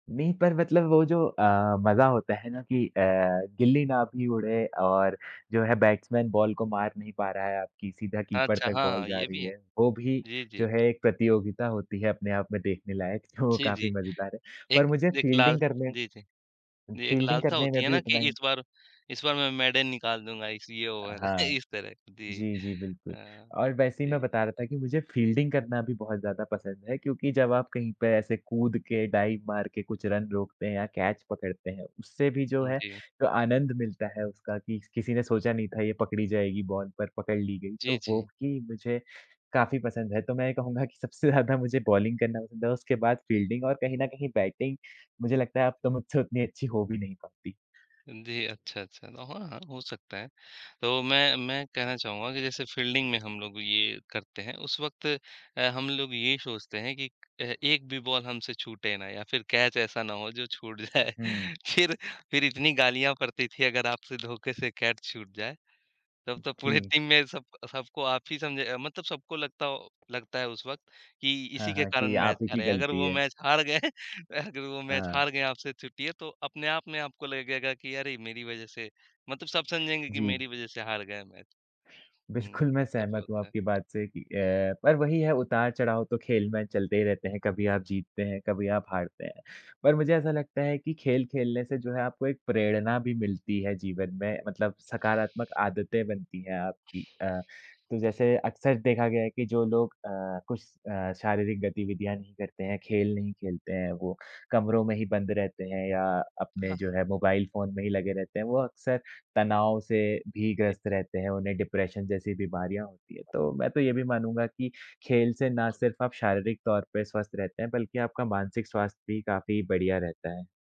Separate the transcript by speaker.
Speaker 1: नहीं पर मतलब वो जो अ, मज़ा होता है ना कि अ, गिल्ली ना भी उड़े और जो है बैट्समैन बॉल को मार नहीं पा रहा है आपकी सीधा कीपर
Speaker 2: अच्छा!
Speaker 1: तक
Speaker 2: हाँ,
Speaker 1: बॉल
Speaker 2: हाँ,
Speaker 1: जा
Speaker 2: ये भी
Speaker 1: रही
Speaker 2: है।
Speaker 1: है, वो भी
Speaker 2: जी,
Speaker 1: जो
Speaker 2: जी।
Speaker 1: है एक प्रतियोगिता होती है अपने आप में देखने लायक, जो
Speaker 2: जी,
Speaker 1: काफ़ी
Speaker 2: जी।
Speaker 1: मज़ेदार है। पर
Speaker 2: एक
Speaker 1: मुझे
Speaker 2: एक लाल
Speaker 1: फील्डिंग करने
Speaker 2: जी, जी। जी, एक
Speaker 1: फील्डिंग
Speaker 2: लालसा
Speaker 1: करने में
Speaker 2: होती है
Speaker 1: भी
Speaker 2: ना कि
Speaker 1: उतना ही
Speaker 2: इस बार इस बार मैं मेडन निकाल दूँगा, इस ये
Speaker 1: अ,
Speaker 2: ओवर
Speaker 1: हाँ।
Speaker 2: इस तरह, जी
Speaker 1: जी, जी, बिल्कुल
Speaker 2: अ,
Speaker 1: और वैसे ही मैं
Speaker 2: जी।
Speaker 1: बता रहा था कि मुझे फील्डिंग करना भी बहुत ज़्यादा पसंद है, क्योंकि जब आप कहीं पे ऐसे कूद के डाइव मार के कुछ रन रोकते हैं या कैच पकड़ते हैं, उससे भी जो
Speaker 2: हुँ,
Speaker 1: है
Speaker 2: जी।
Speaker 1: तो आनंद मिलता है उसका स कि किसी ने सोचा नहीं था, ये पकड़ी जाएगी बॉल पर पकड़ ली गई।
Speaker 2: जी,
Speaker 1: तो वो
Speaker 2: जी।
Speaker 1: कि मुझे काफ़ी पसंद है, तो मैं ये कहूँगा कि सबसे ज़्यादा मुझे बॉलिंग करना पसंद है, उसके बाद फील्डिंग और कहीं न कहीं बैटिंग मुझे लगता है अब तो मुझसे उतनी अच्छी हो भी नहीं पाती।
Speaker 2: हाँ जी, अच्छा, अच्छा, ओ हाँ, हाँ, हो सकता है। तो मैं मैं कहना चाहूँगा कि जैसे फील्डिंग में हम लोग ये करते हैं, उस वक़्त अ, हम लोग ये ही सोचते हैं कि अ, एक भी बॉल हमसे छूटे ना या फिर कैच ऐसा ना हो जो छूट जाए।
Speaker 1: हुँ।
Speaker 2: फिर, फिर इतनी गालियाँ पड़ती थी अगर आपसे धोखे से कैच छूट जाए, तब तो पूरे
Speaker 1: जी।
Speaker 2: टीम में सब सबको आप ही समझे मतलब सबको लगता हो लगता है उस वक़्त कि इसी
Speaker 1: हाँ,
Speaker 2: के
Speaker 1: हाँ, कि
Speaker 2: कारण
Speaker 1: आप
Speaker 2: मैच
Speaker 1: ही की
Speaker 2: हारे, अगर
Speaker 1: गलती
Speaker 2: वो
Speaker 1: है।
Speaker 2: मैच हार गए, अगर वो मैच
Speaker 1: हाँ।
Speaker 2: हार गए, आपसे छूटी है तो अपने आप में आपको लगेगा कि अरे! मेरी वजह से मतलब सब समझेंगे कि
Speaker 1: जी।
Speaker 2: मेरी वजह से हार गया मैच।
Speaker 1: बिल्कुल,
Speaker 2: हुँ,
Speaker 1: मैं
Speaker 2: ऐसा भी
Speaker 1: सहमत हूँ
Speaker 2: होता है।
Speaker 1: आपकी बात से कि अ, पर वही है उतार-चढ़ाव तो खेल में चलते ही रहते हैं, कभी आप जीतते हैं, कभी आप हारते हैं। पर मुझे ऐसा लगता है कि खेल खेलने से जो है आपको एक प्रेरणा भी मिलती है जीवन में मतलब सकारात्मक आदतें बनती हैं आपकी अ, तो जैसे अक्सर देखा गया है कि जो लोग अ, कुछ अ, शारीरिक गतिविधियाँ नहीं करते हैं, खेल नहीं खेलते हैं वो, कमरों में ही बंद रहते हैं या अपने
Speaker 2: हाँ, हुँ।
Speaker 1: जो है मोबाइल फ़ोन में ही लगे रहते हैं, वो अक्सर तनाव से भी
Speaker 2: जी।
Speaker 1: ग्रस्त रहते हैं, उन्हें डिप्रेशन जैसी बीमारियाँ होती है। तो मैं तो ये भी मानूँगा कि खेल से ना सिर्फ़ आप शारीरिक तौर पे स्वस्थ रहते हैं बल्कि आपका मानसिक स्वास्थ्य भी काफ़ी बढ़िया रहता है।